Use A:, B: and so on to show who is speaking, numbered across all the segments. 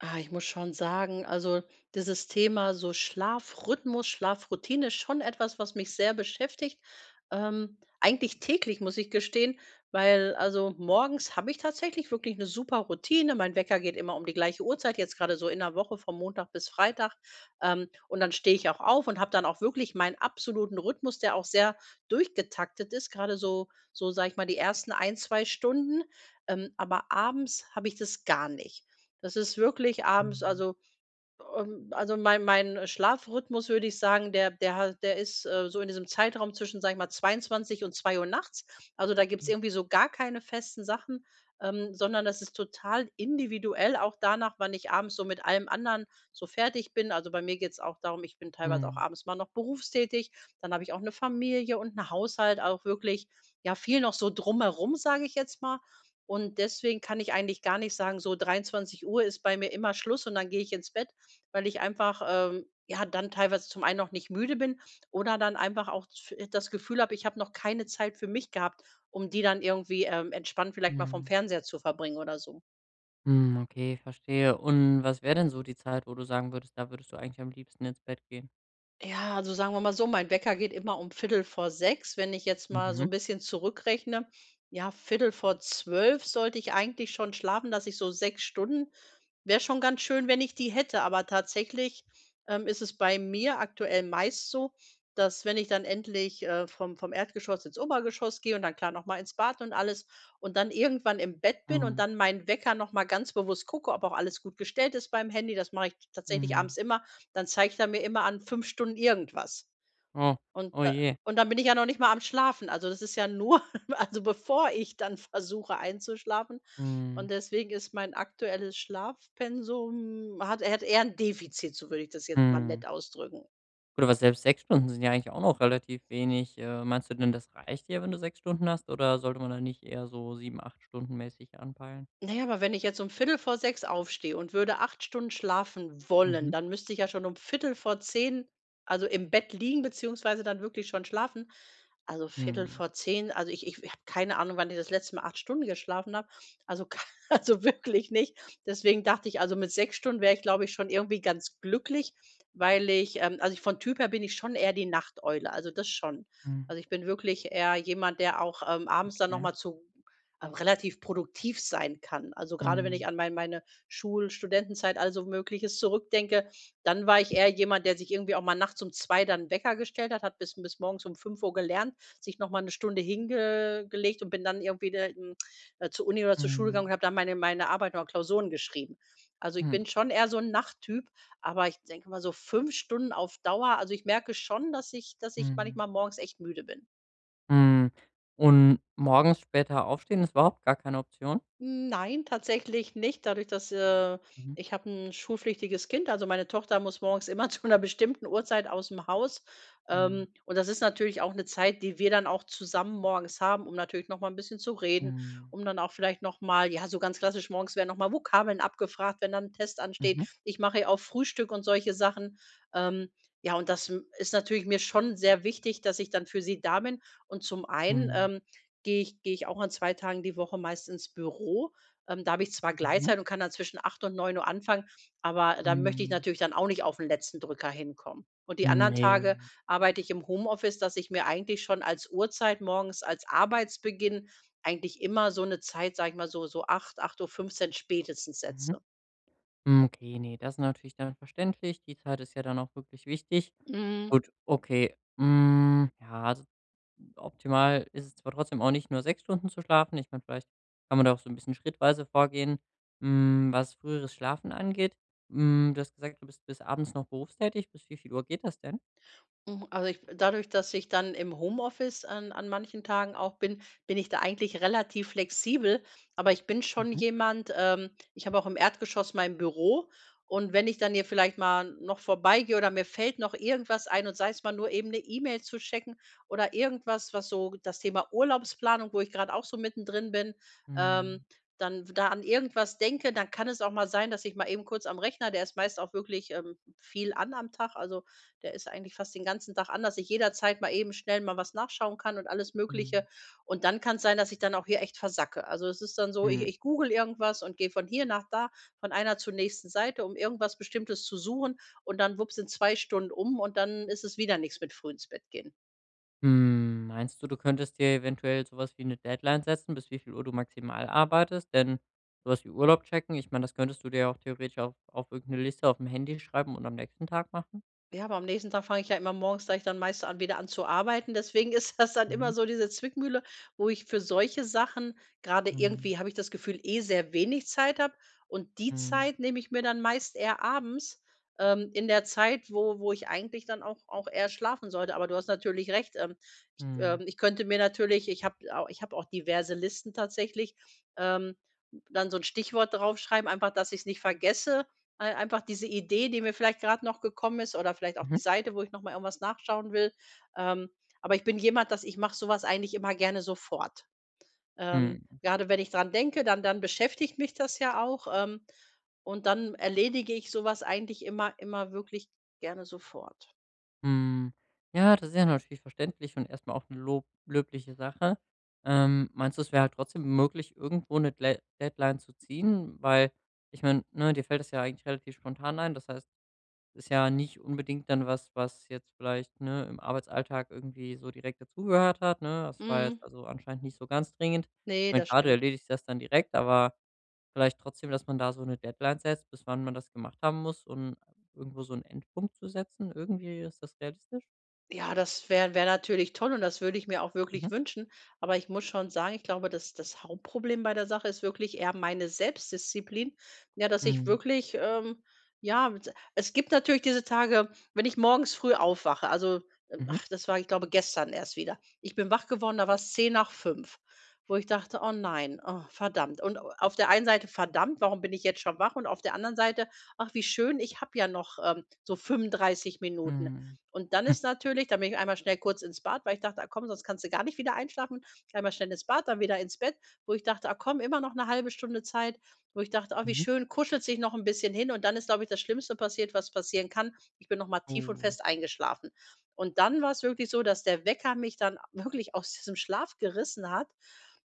A: Ah, ich muss schon sagen, also dieses Thema, so Schlafrhythmus, Schlafroutine, ist schon etwas, was mich sehr beschäftigt, ähm, eigentlich täglich, muss ich gestehen, weil also morgens habe ich tatsächlich wirklich 'ne super Routine. Mein Wecker geht immer um die gleiche Uhrzeit, jetzt gerade so in der Woche von Montag bis Freitag. Ähm, und dann stehe ich auch auf und habe dann auch wirklich meinen absoluten Rhythmus, der auch sehr durchgetaktet ist, gerade so so, sage ich mal, die 1. 1, 2 Stunden. Ähm, aber abends habe ich das gar nicht. Das ist wirklich abends
B: Mhm.
A: also also, ähm, mein mein Schlafrhythmus, würde ich sagen, der der hat der ist, äh, so in diesem Zeitraum zwischen, sage ich mal, 22:00 und 2:00 nachts, also da gibt's
B: Mhm.
A: irgendwie so gar keine festen Sachen, ähm, sondern das ist total individuell auch danach, wann ich abends so mit allem anderen so fertig bin. Also, bei mir geht's auch darum, ich bin teilweise auch
B: Mhm.
A: abends mal noch berufstätig, dann habe ich auch 'ne Familie und 'n Haushalt, auch wirklich ja viel noch so drumherum, sage ich jetzt mal. Und deswegen kann ich eigentlich gar nicht sagen, so 23:00 ist bei mir immer Schluss und dann gehe ich ins Bett, weil ich einfach, ähm, ja dann teilweise zum einen noch nicht müde bin oder dann einfach auch z äh, das Gefühl habe, ich habe noch keine Zeit für mich gehabt, um die dann irgendwie, ähm, entspannt vielleicht mal vom
B: Mhm.
A: Fernseher zu verbringen oder so.
B: Hm. Okay, verstehe. Und was wäre denn so die Zeit, wo du sagen würdest, da würdest du eigentlich am liebsten ins Bett gehen?
A: Ja, also sagen wir mal so, mein Wecker geht immer um 05:45, wenn ich jetzt mal so
B: Mhm.
A: 'n bisschen zurückrechne. Ja 23:45 sollte ich eigentlich schon schlafen, dass ich so 6 Stunden wäre schon ganz schön, wenn ich die hätte. Aber tatsächlich, ähm, ist es bei mir aktuell meist so, dass wenn ich dann endlich, äh, vom vom Erdgeschoss ins Obergeschoss gehe und dann, klar, noch mal ins Bad und alles und dann irgendwann im Bett bin und
B: Mhm.
A: dann mein Wecker noch mal ganz bewusst gucke, ob auch alles gut gestellt ist beim Handy. Das mache ich tatsächlich
B: Mhm.
A: abends immer. Dann zeigt er mir immer an, 5 Stunden irgendwas.
B: Oh,
A: Und
B: oh
A: da
B: je.
A: und dann bin ich ja noch nicht mal am Schlafen. Also das ist ja nur also bevor ich dann versuche einzuschlafen.
B: Mhm.
A: Und deswegen ist mein aktuelles Schlafpensum hat hat eher 'n Defizit, so würde ich das jetzt mal
B: Mhm.
A: nett ausdrücken.
B: Gut, aber selbst 6 Stunden sind ja eigentlich auch noch relativ wenig. Äh, meinst du denn, das reicht dir, wenn du 6 Stunden hast oder sollte man da nicht eher so 7, 8 Stunden mäßig anpeilen?
A: Na ja, aber wenn ich jetzt um 05:45 aufstehe und würde 8 Stunden schlafen wollen,
B: Mhm.
A: dann müsste ich ja schon um 21:45 also im Bett liegen, beziehungsweise dann wirklich schon schlafen. Also Viertel
B: Mhm.
A: vor zehn, also ich ich habe keine Ahnung, wann ich das letzte Mal 8 Stunden geschlafen habe. Also k also wirklich nicht, deswegen dachte ich, also mit 6 Stunden wäre ich, glaube ich, schon irgendwie ganz glücklich, weil ich, ähm also vom Typ her bin ich schon eher die Nachteule, also das schon.
B: Mhm.
A: Also, ich bin wirklich eher jemand, der auch, ähm, abends dann noch
B: Ja.
A: mal zu relativ produktiv sein kann. Also gerade, wenn
B: Mhm.
A: ich an mein meine Schul Studentenzeit, all so Mögliches zurückdenke, dann war ich eher jemand, der sich irgendwie auch mal nachts um 2 dann 'n Wecker gestellt hat hat, bis bis morgens um 5 gelernt, sich noch mal 'ne Stunde hinge gelegt und bin dann irgendwie [unintelligible] da zur Uni oder zur Schule gegangen
B: Mhm.
A: und habe dann meine meine Arbeit oder Klausuren geschrieben. Also, ich
B: Mhm.
A: bin schon eher so 'n Nachttyp, aber ich denke mal so 5 Stunden auf Dauer. Also, ich merke schon, dass ich dass ich
B: Mhm.
A: manchmal morgens echt müde bin.
B: Hm, und morgens später aufstehen ist überhaupt gar keine Option?
A: Nein, tatsächlich nicht dadurch dass, äh
B: Mhm.
A: ich habe 'n schulpflichtiges Kind, also meine Tochter muss morgens immer zu 'ner bestimmten Uhrzeit ausm Haus.
B: Mhm.
A: Ähm, und das ist natürlich auch 'ne Zeit, die wir dann auch zusammen morgens haben, um natürlich noch mal 'n bisschen zu reden,
B: Mhm.
A: um dann auch vielleicht noch mal ja, so ganz klassisch, morgens werden noch mal Vokabeln abgefragt, wenn dann 'n Test ansteht.
B: Mhm.
A: Ich mache ja auch Frühstück und solche Sachen. Ähm, ja und das, hm, ist natürlich mir schon sehr wichtig, dass ich dann für sie da bin. Und zum einen,
B: Mhm.
A: ähm, gehe ich gehe ich auch an 2 Tagen die Woche meist ins Büro. Ähm, da habe ich zwar
B: Mhm.
A: Gleitzeit und kann dann zwischen 8:00 und 9:00 anfangen, aber dann möchte ich
B: Mhm.
A: natürlich dann auch nicht auf 'n letzten Drücker hinkommen. Und die
B: Hm,
A: anderen Tage
B: ne.
A: arbeite ich im Homeoffice, dass ich mir eigentlich schon als Uhrzeit morgens als Arbeitsbeginn eigentlich immer so 'ne Zeit, sage ich mal, so so 8:00 8:15 spätestens
B: Mhm.
A: setze.
B: Hm, okay, ne, das ist natürlich dann verständlich. Die Zeit ist ja dann auch wirklich wichtig.
A: Mhm.
B: Gut, okay. Hm, ja, also optimal ist es zwar trotzdem auch nicht, nur 6 Stunden zu schlafen. Ich kann vielleicht kann man da auch so 'n bisschen schrittweise vorgehen, hm, was früheres Schlafen angeht. Hm, du hast gesagt, du bist bis abends noch berufstätig. Bis wie viel Uhr geht das denn?
A: Hm, also ich dadurch, dass ich dann im Homeoffice an an manchen Tagen auch bin, bin ich da eigentlich relativ flexibel. Aber ich bin schon
B: Mhm.
A: jemand ähm, ich habe auch im Erdgeschoss mein Büro und wenn ich dann hier vielleicht mal noch vorbeigehe oder mir fällt noch irgendwas ein und sei es mal nur eben 'ne E-Mail zu checken oder irgendwas, was so das Thema Urlaubsplanung, wo ich grad auch so mittendrin bin, ähm,
B: Mhm.
A: dann w da an irgendwas denke, dann kann es auch mal sein, dass ich mal eben kurz am Rechner, der ist meist auch wirklich, ähm, viel an am Tag, also, der ist eigentlich fast den ganzen Tag an, dass ich jederzeit mal eben schnell mal was nachschauen kann und alles
B: Mhm.
A: Mögliche. Und dann kann es sein, dass ich dann auch hier echt versacke. Also, es ist dann so, ich
B: Mhm.
A: ich google irgendwas und gehe von hier nach da, von einer zur nächsten Seite, um irgendwas Bestimmtes zu suchen. Und dann, wupps, sind 2 Stunden um und dann ist es wieder nix mit früh ins Bett gehen.
B: Hm, meinst du, du könntest dir eventuell so was wie 'ne Deadline setzen, bis wie viel Uhr du maximal arbeitest? Denn, so was wie Urlaub checken, ich meine, das könntest du dir auch theoretisch auf auf irgend 'ne Liste aufm Handy schreiben und am nächsten Tag machen.
A: Ja, aber am nächsten Tag fange ich ja immer morgens gleich dann meistens an wieder an zu arbeiten. Deswegen ist das dann immer
B: Mhm.
A: so diese Zwickmühle, wo ich für solche Sachen, grade
B: Mhm.
A: irgendwie habe ich das Gefühl, eh sehr wenig Zeit habe und die
B: Mhm.
A: Zeit nehme ich mir dann meist eher abends, ähm, in der Zeit, wo wo ich eigentlich dann auch auch eher schlafen sollte. Aber du hast natürlich recht. Ähm, ich ähm
B: Mhm.
A: ich könnte mir natürlich ich habe au ich habe auch diverse Listen tatsächlich, ähm, dann so 'n Stichwort draufschreiben, einfach, dass ich es nicht vergesse. Ei einfach diese Idee, die mir vielleicht grad noch gekommen ist oder vielleicht auch
B: Mhm.
A: die Seite, wo ich noch mal irgendwas nachschauen will. Ähm, aber ich bin jemand, dass ich mache so was eigentlich immer gerne sofort. Ähm,
B: Mhm.
A: grade wenn ich dran denke, dann dann beschäftigt mich das ja auch, ähm, und dann erledige ich so was eigentlich immer immer wirklich gerne sofort.
B: Hm, ja, das ist ja natürlich verständlich und erst mal auch 'n Lob löbliche Sache. Ähm, meinst du, es wäre halt trotzdem möglich, irgendwo 'ne Dlea Deadline zu ziehen, weil, ich meine, ne, dir fällt es ja eigentlich relativ spontan ein. Das heißt, ist ja nicht unbedingt dann was, was jetzt vielleicht, ne, im Arbeitsalltag irgendwie so direkt dazugehört hat, ne? Das war jetzt
A: Mhm.
B: also anscheinend nicht so ganz dringend. Ich
A: Ne,
B: meine,
A: das
B: klar, du
A: stimmt.
B: erledigst das dann direkt, aber vielleicht trotzdem, dass man da so 'ne Deadline setzt, bis wann man das gemacht haben muss und irgendwo so 'n Endpunkt zu setzen irgendwie, ist das realistisch?
A: Ja das wär wäre natürlich toll und das würde ich mir auch
B: Mhm.
A: wirklich wünschen, aber ich muss schon sagen, ich glaube, das das Hauptproblem bei der Sache ist wirklich eher meine Selbstdisziplin. Ja, dass ich
B: Mhm.
A: wirklich, ähm, ja s es gibt natürlich diese Tage, wenn ich morgens früh aufwache, also
B: Mhm.
A: ach das war, ich glaube, gestern erst wieder. Ich bin wach geworden, da war's 5:10, wo ich dachte: „Oh nein, oh verdammt.“ Und a auf der einen Seite, „verdammt, warum bin ich jetzt schon wach“ und auf der anderen Seite, „ach wie schön, ich habe ja noch, ähm, so 35 Minuten“.
B: Mhm.
A: Und dann ist natürlich da bin ich einmal schnell kurz ins Bad, weil ich dachte: „Ach komm, sonst kannst du gar nicht wieder einschlafen.“ Einmal schnell ins Bad, dann wieder ins Bett, wo ich dachte: „Ah komm, immer noch 'ne 0,5 Stunde Zeit”, wo ich dachte: „Ach wie
B: Mhm.
A: schön, kuschelst dich noch 'n bisschen hin“ und dann ist, glaube ich, das Schlimmste passiert, was passieren kann. Ich bin noch mal tief und
B: Oh.
A: fest eingeschlafen. Und dann war's wirklich so, dass der Wecker mich dann wirklich aus diesem Schlaf gerissen hat.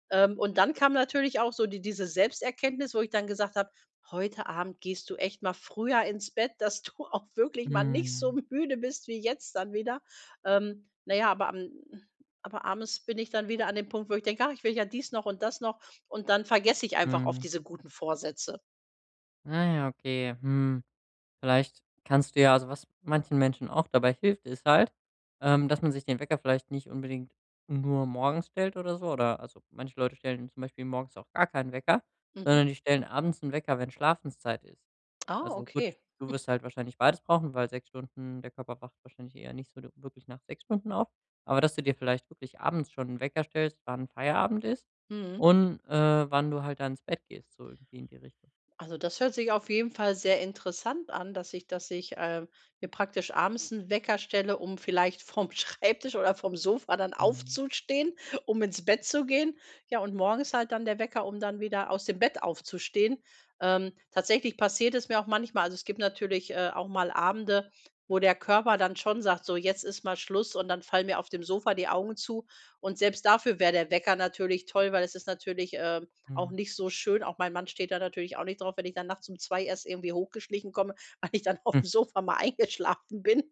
A: Ähm, und dann kam natürlich auch so die diese Selbsterkenntnis, wo ich dann gesagt habe: „Heute Abend gehst du echt mal früher ins Bett, dass du auch wirklich mal nicht so
B: Mhm.
A: müde bist wie jetzt dann wieder.“ Ähm, na ja, aber am aber abends bin ich dann wieder an dem Punkt, wo ich denke, „ach, ich will ja dies noch und das noch“. Und dann vergesse ich einfach oft
B: Mhm.
A: diese guten Vorsätze.
B: Na ja, okay, hm, vielleicht kannst du ja also was manchen Menschen auch dabei hilft, ist halt, ähm, dass man sich den Wecker vielleicht nicht unbedingt nur morgens stellt oder so. Oder also manche Leute stellen zum Beispiel morgens auch gar keinen Wecker,
A: Mhm.
B: sondern die stellen abends 'n Wecker, wenn Schlafenszeit ist.
A: Ah,
B: Also gut,
A: okay.
B: du wirst halt wahrscheinlich beides brauchen, weil 6 Stunden der Körper braucht wahrscheinlich eher nicht so de wirklich nach 6 Stunden auf. Aber, dass du dir vielleicht wirklich abends schon 'n Wecker stellst, wann Feierabend ist
A: Mhm.
B: und, äh, wann du halt da ins Bett gehst, so irgendwie in die Richtung.
A: Also, das hört sich auf jeden Fall sehr interessant an, dass ich dass ich, äh, mir praktisch abends 'n Wecker stelle, um vielleicht vom Schreibtisch oder vom Sofa dann
B: Mhm.
A: aufzustehen, um ins Bett zu gehen. Ja, und morgens halt dann der Wecker, um dann wieder aus dem Bett aufzustehen. Ähm, tatsächlich passiert es mir auch manchmal also es gibt natürlich, äh, auch mal Abende, wo der Körper dann schon sagt: „So, jetzt ist mal Schluss.“ Und dann fallen mir auf dem Sofa die Augen zu. Und selbst dafür wäre der Wecker natürlich toll, weil es ist natürlich, ähm, auch
B: Mhm.
A: nicht so schön. Auch mein Mann steht da natürlich auch nicht drauf, wenn ich dann nachts um 2:00 erst irgendwie hochgeschlichen komme, weil ich dann aufm Sofa mal eingeschlafen bin.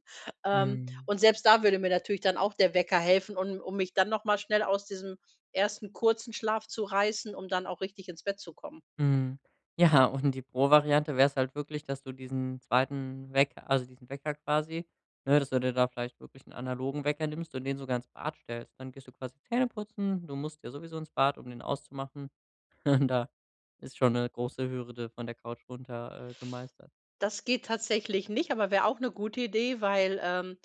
A: Ähm,
B: Mhm.
A: und selbst da würde mir natürlich dann auch der Wecker helfen, un um mich dann noch mal schnell aus diesem 1. kurzen Schlaf zu reißen, um dann auch richtig ins Bett zu kommen.
B: Mhm, ja, und die Pro-Variante wäre es halt wirklich, dass du diesen 2. Wecker also diesen Wecker quasi, ne, dass du dir da vielleicht wirklich 'n analogen Wecker nimmst und den sogar ins Bad stellst. Dann gehst du quasi Zähneputzen, du musst ja sowieso ins Bad, um den auszumachen, und da ist schon 'ne große Hürde von der Couch runter, äh, gemeistert.
A: Das geht tatsächlich nicht, aber wäre auch ’ne gute Idee, weil, ähm,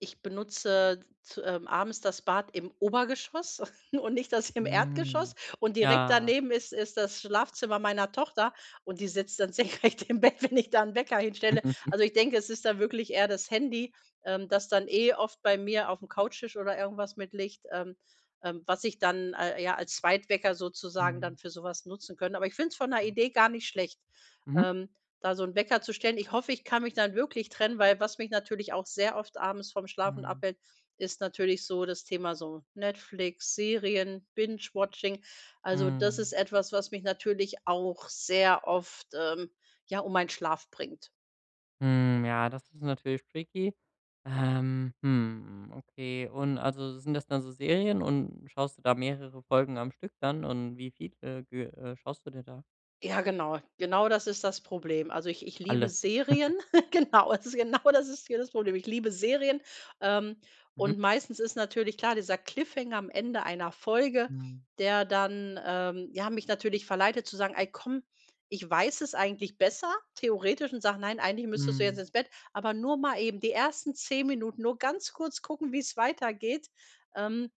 A: ich benutze zu ähm, abends das Bad im Obergeschoss und nicht das im
B: Mhm,
A: Erdgeschoss. Und direkt
B: ja.
A: daneben ist ist das Schlafzimmer meiner Tochter, und die sitzt dann senkrecht im Bett, wenn ich da 'n Wecker hinstelle. Also, ich denke, es ist da wirklich eher das Handy, ähm, das dann eh oft bei mir aufm Couchtisch oder irgendwas mit liegt, ähm, ähm, was ich dann al äh, ja, als Zweitwecker sozusagen dann
B: Mhm.
A: für sowas nutzen könnte. Aber ich finde es von der
B: Ah.
A: Idee gar nicht schlecht,
B: Mhm.
A: ähm, da so 'n Wecker zu stellen. Ich hoffe, ich kann mich dann wirklich trennen, weil was mich natürlich auch sehr oft abends vom Schlafen
B: Mhm.
A: abhält, ist natürlich so das Thema so Netflix, Serien, Binge-Watching. Also, das
B: Mhm.
A: ist etwas, was mich natürlich auch sehr oft, ähm, ja, um meinen Schlaf bringt.
B: Hm, ja, das ist natürlich tricky. Ähm, hm, okay, und also sind das dann so Serien und schaust du da mehrere Folgen am Stück dann, und wie viele ge äh, schaust du dir da?
A: Ja, genau, genau, das ist das Problem. Also ich ich liebe
B: Alle.
A: Serien. Genau, also genau das ist hier das Problem. Ich liebe Serien, ähm,
B: Mhm.
A: und meistens ist natürlich klar dieser Cliffhanger am Ende einer Folge,
B: Mhm.
A: der dann, ähm, ja, mich natürlich verleitet zu sagen: „Ey, komm, ich weiß es eigentlich besser theoretisch“ und sage: „Nein, eigentlich müsstest du jetzt
B: Mhm.
A: ins Bett, aber nur mal eben die ersten 10 Minuten, nur ganz kurz gucken, wie es weitergeht“. Ähm,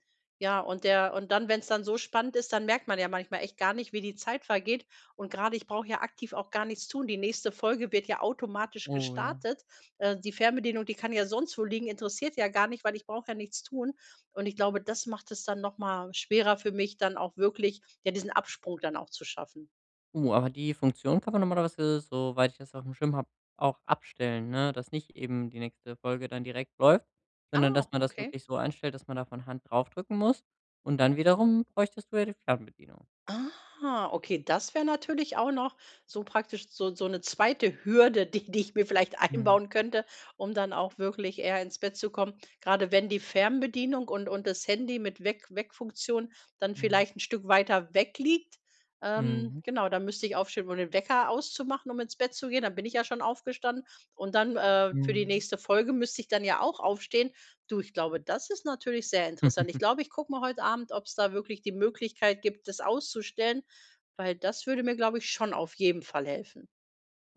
A: ja, und der und dann, wenn’s dann so spannend ist, dann merkt man ja manchmal echt gar nicht, wie die Zeit vergeht. Und gerade, ich brauche ja aktiv auch gar nichts tun. Die nächste Folge wird ja automatisch
B: Oh, ja.
A: gestartet. Äh, die Fernbedienung, die kann ja sonst wo liegen, interessiert ja gar nicht, weil ich brauche ja nichts tun. Und ich glaube, das macht es dann noch mal schwerer für mich, dann auch wirklich, ja, diesen Absprung dann auch zu schaffen.
B: Oh, aber die Funktion kann man normalerweise, soweit ich das aufm Schirm habe, auch abstellen, ne, dass nicht eben die nächste Folge dann direkt läuft, sondern dass
A: Ah,
B: man das
A: okay.
B: wirklich so einstellt, dass man da von Hand drauf drücken muss. Und dann wiederum bräuchtest du ja die Fernbedienung.
A: Ah, okay, das wäre natürlich auch noch so praktisch, so so ’ne 2. Hürde, die die ich mir vielleicht
B: Mmh.
A: einbauen könnte, um dann auch wirklich eher ins Bett zu kommen. Grade wenn die Fernbedienung und und das Handy mit Weck Weckfunktion dann
B: Mhm.
A: vielleicht 'n Stück weiter weg liegt, ähm,
B: Mhm.
A: genau, da müsste ich aufstehen, um den Wecker auszumachen, um ins Bett zu gehen. Dann bin ich ja schon aufgestanden. Und dann, äh, für die
B: Mhm.
A: nächste Folge müsste ich dann ja auch aufstehen. Du, ich glaube, das ist natürlich sehr interessant. Ich glaube, ich gucke mal heut Abend, ob es da wirklich die Möglichkeit gibt, das auszustellen, weil das würde mir, glaube ich, schon auf jeden Fall helfen.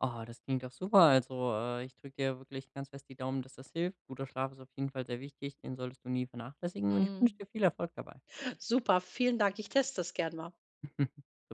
B: Oh, das klingt doch super. Also, äh, ich drücke dir wirklich ganz fest die Daumen, dass das hilft. Guter Schlaf ist auf jeden Fall sehr wichtig, den solltest du nie vernachlässigen und ich wünsche
A: Mmh.
B: dir viel Erfolg dabei.
A: Super, vielen Dank, ich teste das gern mal.
B: [unintelligible]